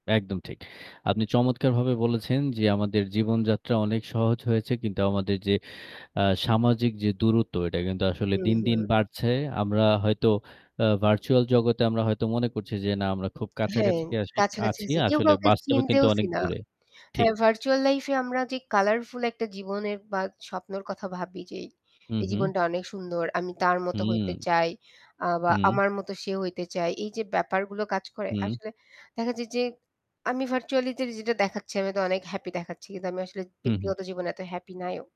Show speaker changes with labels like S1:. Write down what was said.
S1: একদম ঠিক। আপনি চমৎকারভাবে বলেছেন যে আমাদের জীবনযাত্রা অনেক সহজ হয়েছে কিন্তু আমাদের যে আ সামাজিক যে দূরত্ব, এটা কিন্তু আসলে
S2: হুম,
S1: দিনদিন
S2: হুম।
S1: বাড়ছে। আমরা হয়তো আ ভার্চুয়াল জগতে আমরা হয়তো মনে করছি যে না আমরা খুব
S2: হ্যাঁ,
S1: কাছাকাছি কাসি
S2: কাছাকাছি
S1: আছি।
S2: আছি কেউ
S1: আসলে
S2: কাউকে
S1: বাস্তবে কিন্তু
S2: চিনতেওছি
S1: অনেক
S2: না।
S1: দূরে। ঠিক।
S2: হ্যাঁ, ভার্চুয়াল লাইফে আমরা যে কালারফুল একটা জীবনের বা স্বপ্নের কথা ভাবি যে
S1: হু,
S2: এই
S1: হু।
S2: জীবনটা অনেক সুন্দর, আমি তার মতো হইতে
S1: হুঁ।
S2: চাই আ বা
S1: হু।
S2: আমার মতো সে হইতে চায়, এইযে ব্যাপারগুলো কাজ করে।
S1: হুম।
S2: আসলে দেখা যায় যে আমি ভার্চুয়ালিটি যেটা দেখাচ্ছি আমি তো অনেক হ্যাপি দেখাচ্ছি, কিন্তু আমি আসলে
S1: হু, হু।
S2: ব্যক্তিগত জীবনে এত হ্যাপি নাইও।